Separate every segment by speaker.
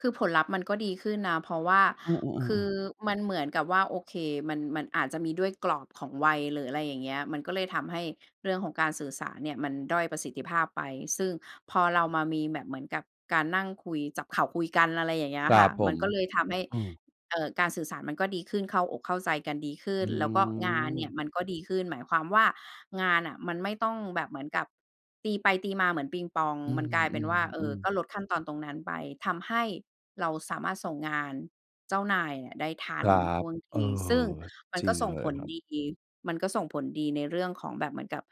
Speaker 1: คือผลลัพธ์มันก็ดีขึ้นนะ เพราะว่า
Speaker 2: อ้อ ๆ เออ
Speaker 1: คือ
Speaker 2: ๆ
Speaker 1: มันเหมือนกับว่า โอเค มัน มันอาจจะมีด้วยกรอบของวัย หรืออะไรอย่างเงี้ย มันก็เลยทำให้เรื่องของการสื่อสารเนี่ย มันด้อยประสิทธิภาพไป ซึ่งพอเรามามีแบบเหมือนกับการนั่งคุย จับเข่าคุยกัน อะไรอย่างเงี้
Speaker 2: ค
Speaker 1: ย
Speaker 2: ร
Speaker 1: ค
Speaker 2: ั
Speaker 1: ่ะ
Speaker 2: บผ
Speaker 1: มัน
Speaker 2: ม
Speaker 1: ก็เลยทำให้
Speaker 2: อืม
Speaker 1: เอ่อ การสื่อสารมันก็ดีขึ้น เข้าอกเข้าใจกันดีขึ้
Speaker 2: อื้
Speaker 1: น
Speaker 2: อ
Speaker 1: แล้วก็งานเนี่
Speaker 2: ฮื
Speaker 1: ย
Speaker 2: อ
Speaker 1: มันก็ดีขึ้น หมายความว่างานน่ะมันไม่ต้องแบบเหมือนกับตีไปตีมาเหมือนปิงปอง
Speaker 2: อื
Speaker 1: มันกลายเป็นว่า เออ
Speaker 2: ม ๆ
Speaker 1: ก
Speaker 2: ๆ
Speaker 1: ็ลดขั้นตอนตรงนั้นไป ทำให้เราสามารถส่งงานเจ้านายอะได้ทั
Speaker 2: ค
Speaker 1: น
Speaker 2: รั
Speaker 1: ท
Speaker 2: บ
Speaker 1: ่วงท
Speaker 2: เออ
Speaker 1: ี ซึ่งมัน
Speaker 2: จร
Speaker 1: ก
Speaker 2: ิ
Speaker 1: ็
Speaker 2: ง
Speaker 1: ส่ง
Speaker 2: เล
Speaker 1: ผ
Speaker 2: ย
Speaker 1: ล
Speaker 2: ครับ
Speaker 1: ดี มันก็ส่งผลดีในเรื่องของแบบเหมือนกับ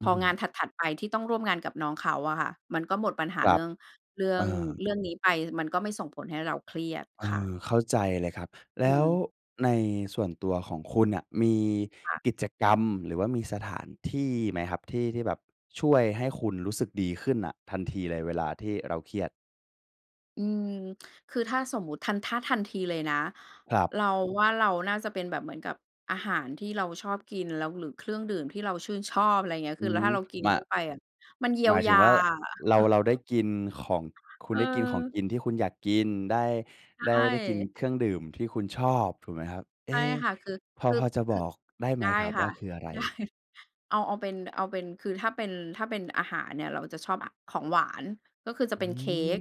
Speaker 2: อ
Speaker 1: พ
Speaker 2: ื้อ
Speaker 1: อ
Speaker 2: ฮื
Speaker 1: ง
Speaker 2: อ
Speaker 1: านถัด ๆ ไปที่ต้องร่วมงานกับน้องเขาอะค่ะ มันก็หมดปัญห
Speaker 2: ค
Speaker 1: า
Speaker 2: ร
Speaker 1: เ
Speaker 2: ั
Speaker 1: ร
Speaker 2: บ
Speaker 1: ื่อง เรื่อ
Speaker 2: เอ
Speaker 1: ง
Speaker 2: อ
Speaker 1: เรื่องนี้ไป มันก็ไม่ส่งผลให้เราเครียด
Speaker 2: เอ
Speaker 1: ค่ะ
Speaker 2: อ เข้าใจเลยครับ แ
Speaker 1: อ
Speaker 2: ล
Speaker 1: ื
Speaker 2: ้ว
Speaker 1: ม
Speaker 2: ในส่วนตัวของคุณน่ะ มี
Speaker 1: ค่ะ
Speaker 2: กิจกรรมหรือว่ามีสถานที่ไหมครับ ที่ที่แบบช่วยให้คุณรู้สึกดีขึ้นน่ะทันทีเลยเวลาที่เราเครียด?
Speaker 1: อืม คือถ้าสมมุติทัน ถ้าทันทีเลยนะ
Speaker 2: ครับ
Speaker 1: เราว่าเราน่าจะเป็นแบบเหมือนกับ อาหารที่เราชอบกิน แล้ว หรือเครื่องดื่มที่เราชื่นชอบ อะไรอย่างเงี้ย
Speaker 2: อื
Speaker 1: คือ แล้ว
Speaker 2: ม
Speaker 1: ถ้าเรากิน
Speaker 2: มา
Speaker 1: เข้าไปอะ มันเยี
Speaker 2: ห
Speaker 1: ย
Speaker 2: ม
Speaker 1: ว
Speaker 2: ายถ
Speaker 1: ย
Speaker 2: ึง
Speaker 1: า
Speaker 2: ว่าเรา เราได้กินของ คุณ
Speaker 1: เ
Speaker 2: ได้กินของ
Speaker 1: ออ
Speaker 2: กินที่คุณอยากกิน ได้
Speaker 1: ใช
Speaker 2: ได้ ได้กิน
Speaker 1: ่
Speaker 2: เครื่องดื่มที่คุณชอบถูกไหมครับ? เอ
Speaker 1: ใช่
Speaker 2: ๊
Speaker 1: ค่ะ คือ
Speaker 2: พอ
Speaker 1: คือ
Speaker 2: พอจะ
Speaker 1: ค
Speaker 2: บ
Speaker 1: ือ
Speaker 2: อกได้ไห
Speaker 1: ไ
Speaker 2: ม
Speaker 1: ด้
Speaker 2: ครับ
Speaker 1: ค
Speaker 2: ว
Speaker 1: ่
Speaker 2: ่
Speaker 1: ะ
Speaker 2: าคืออะไร?
Speaker 1: ได้ เอา เอาเป็น เอาเป็น คือถ้าเป็น ถ้าเป็นอาหารเนี่ย เราจะชอบ อ ของหวาน ก็คือจะ
Speaker 2: อื
Speaker 1: เป็นเค้
Speaker 2: ม
Speaker 1: ก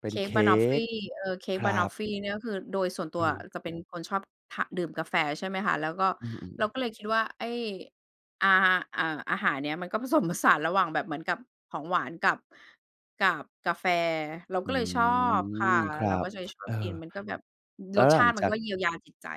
Speaker 2: เป็
Speaker 1: เค
Speaker 2: น
Speaker 1: ้
Speaker 2: เค
Speaker 1: กบะ
Speaker 2: ้
Speaker 1: นอฟฟี
Speaker 2: ก
Speaker 1: เออ เค้
Speaker 2: ค
Speaker 1: ก
Speaker 2: ร
Speaker 1: บ
Speaker 2: ั
Speaker 1: ะนอฟ
Speaker 2: บ
Speaker 1: ฟีนี่ก็คือโดยส่วนตั
Speaker 2: อื
Speaker 1: วอะ
Speaker 2: ม
Speaker 1: จะเป็นคนชอบทา ดื่มกาแฟ ใช่ไหมคะ แล้วก็
Speaker 2: อืม
Speaker 1: เรา
Speaker 2: ๆ ๆ
Speaker 1: ก็เลยคิดว่าไอ้ อา อ่า อาหารเนี้ย มันก็ ผสมผสาน ระหว่างแบบเหมือนกับของหวานกับ กับกาแฟ เราก
Speaker 2: อื
Speaker 1: ็เลยชอบค่ะ
Speaker 2: ม ครั
Speaker 1: เราก
Speaker 2: บ
Speaker 1: ็จะชอ
Speaker 2: เอ
Speaker 1: บ
Speaker 2: อ
Speaker 1: กิน มันก็แบบ อือ
Speaker 2: แล้
Speaker 1: ร
Speaker 2: ว
Speaker 1: ส
Speaker 2: ห
Speaker 1: ช
Speaker 2: ลั
Speaker 1: า
Speaker 2: ง
Speaker 1: ติมั
Speaker 2: จ
Speaker 1: น
Speaker 2: า
Speaker 1: ก
Speaker 2: ก
Speaker 1: ็เยียวยาจิตใจ